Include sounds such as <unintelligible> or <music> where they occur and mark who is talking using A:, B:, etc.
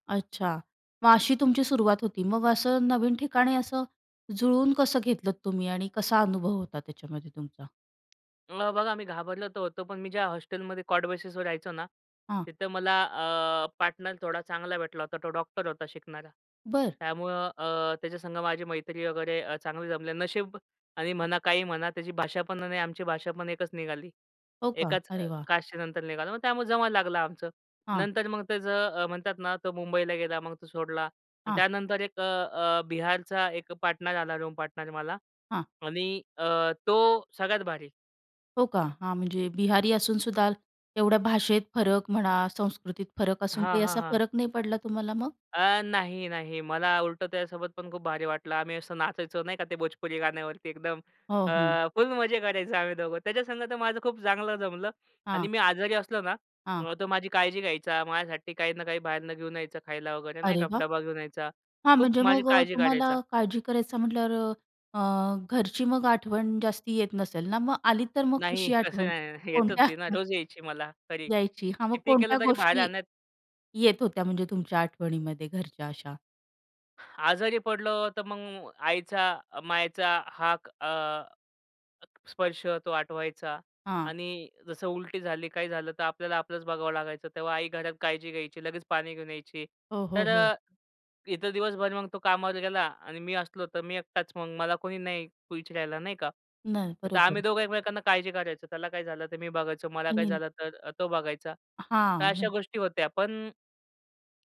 A: अच्छा. मग अशी तुमची सुरुवात होती. मग असं नवीन ठिकाणी असं जुळून कसं घेतलंत तुम्ही? आणि कसा अनुभव होता त्याच्यामध्ये तुमचा?
B: मग बघा, मी घाबरलं तर होतो, पण मी ज्या हॉस्टेलमध्ये कॉट बेसिसवर रहायचो ना,
A: हां.
B: तिथं मला अ, पार्टनर थोडा चांगला भेटला होता. तो डॉक्टर होता शिकणारा.
A: बरं.
B: त्यामुळं अ, त्याच्या संग माझी मैत्री वगैरे अ, चांगली जमली. नशीब. आणि म्हणा काही म्हणा त्याची भाषा पण आणि आमची भाषा पण एकच निघाली.
A: हो का.
B: एकाच अ,
A: अरे वाह!
B: कास्टचे नंतर निघालो. मग त्यामुळे जमायला लागला आमचं.
A: हां.
B: नंतर मग त्याचं अ, म्हणतात ना तो मुंबईला गेला. मग तो सोडला आणि
A: हां.
B: त्यानंतर एक अ, अ, बिहारचा एक पार्टनर आला, रूम पार्टनर मला
A: हां.
B: आणि अ, तो सगळ्यात भारी.
A: हो का. हां. म्हणजे बिहारी असूनसुद्धा एवढ्या भाषेत फरक म्हणा, संस्कृतीत फरक असून
B: हां,
A: काही
B: हां,
A: असा
B: हां.
A: फरक नाही पडला तुम्हाला मग?
B: अ, नाही, नाही. मला उलटं त्यासोबत पण खूप भारी वाटलं. आम्ही असं नाचायचो नाही का? ते भोजपुरी गाण्यावरती एकदम.
A: हो.
B: अ,
A: हं.
B: फुल मजे करायचो आम्ही दोघं. त्याच्यासंग तर माझं खूप चांगलं जमलं आणि
A: हां.
B: मी आजारी असलो ना,
A: हां.
B: अ, तो माझी काळजी घ्यायचा, माझ्यासाठी काही ना काही बाहेरून घेऊन यायचं खायला वगैरे नाही
A: अरे
B: का.
A: वाह!
B: डबा घेऊन यायचा,
A: हां.
B: खूप
A: म्हणजे
B: माझी
A: मग अ,
B: काळजी
A: तुम्हाला
B: करायचा.
A: काळजी करायचं म्हटल्यावर अ, अ, घरची मग आठवण जास्ती येत नसेल ना, मग आली तर मग
B: नाही.
A: कशी
B: तसं
A: आठवण?
B: काही नाही. येत
A: कोणत्या
B: होती ना
A: हं.
B: रोज यायची मला, तरी.
A: यायची. हां, मग
B: कितीही
A: कोणत्या
B: केलं तरी बाहेर
A: गोष्टी,
B: राहण्यात
A: येत होत्या म्हणजे तुमच्या आठवणीमध्ये घरच्या अशा?
B: आजारी पडलो. तर मग आईचा मायेचा हाक अ, स्पर्श तो आठवायचा
A: हां.
B: आणि जसं उलटी झाली काही झालं, तर आपल्याला आपलंच बघावं लागायचं. तेव्हा आई घरात काळजी घ्यायची, लगेच पाणी घेऊन यायची.
A: हो, हो,
B: तर
A: हो.
B: अ, इथं दिवसभर मग तो कामावर गेला आणि मी असलो, तर मी एकटाच मग मला कोणी नाही विचरायला नाही का.
A: नाही.
B: तर
A: बरोबर.
B: आम्ही दोघं एकमेकांना काळजी कारायचो. त्याला काही झालं तर मी बघायचो, मला काही
A: <unintelligible>
B: झालं तर अ, तो बघायचा. तर
A: हां.
B: अशा
A: म्हण
B: गोष्टी होत्या. पण